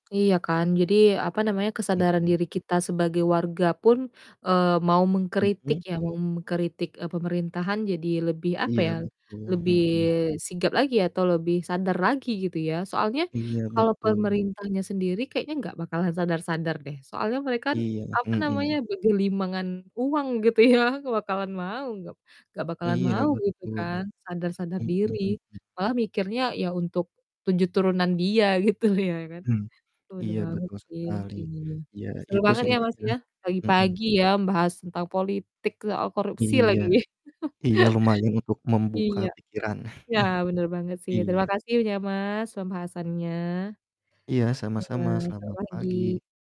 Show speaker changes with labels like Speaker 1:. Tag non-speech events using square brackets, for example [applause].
Speaker 1: Iya kan, jadi apa namanya, kesadaran
Speaker 2: Mhm.
Speaker 1: diri kita sebagai warga pun, eee, mau mengkritik
Speaker 2: Mhm.
Speaker 1: ya, mau mengkritik, e pemerintahan jadi lebih apa
Speaker 2: Iya
Speaker 1: ya,
Speaker 2: betul,
Speaker 1: lebih
Speaker 2: mhm.
Speaker 1: sigap lagi atau lebih sadar lagi gitu ya. Soalnya
Speaker 2: Iya
Speaker 1: kalau
Speaker 2: betul.
Speaker 1: pemerintahnya sendiri kayaknya nggak bakalan sadar-sadar deh, soalnya mereka kan,
Speaker 2: Iya,
Speaker 1: apa namanya,
Speaker 2: mhm.
Speaker 1: bergelimangan uang gitu ya bakalan mau, gak gak bakalan
Speaker 2: Iya
Speaker 1: mau gitu
Speaker 2: betul,
Speaker 1: kan sadar-sadar
Speaker 2: mhm
Speaker 1: diri.
Speaker 2: mhm.
Speaker 1: Malah mikirnya ya untuk 7 turunan dia gitu ya kan,
Speaker 2: Mmm,
Speaker 1: bener
Speaker 2: iya
Speaker 1: banget
Speaker 2: betul
Speaker 1: sih
Speaker 2: sekali,
Speaker 1: ininya.
Speaker 2: ya
Speaker 1: Seru
Speaker 2: itu
Speaker 1: banget
Speaker 2: sih
Speaker 1: ya Mas
Speaker 2: intinya,
Speaker 1: ya
Speaker 2: mhm.
Speaker 1: pagi-pagi ya membahas tentang politik, soal korupsi
Speaker 2: Iya,
Speaker 1: lagi.
Speaker 2: iya
Speaker 1: [chuckles]
Speaker 2: lumayan untuk membuka
Speaker 1: Iya,
Speaker 2: pikiran.
Speaker 1: iya
Speaker 2: [chuckles]
Speaker 1: bener banget sih, terima
Speaker 2: Iya.
Speaker 1: kasih ya Mas pembahasannya.
Speaker 2: Iya,
Speaker 1: Ya
Speaker 2: sama-sama,
Speaker 1: Mas, selamat
Speaker 2: selamat
Speaker 1: pagi.
Speaker 2: pagi.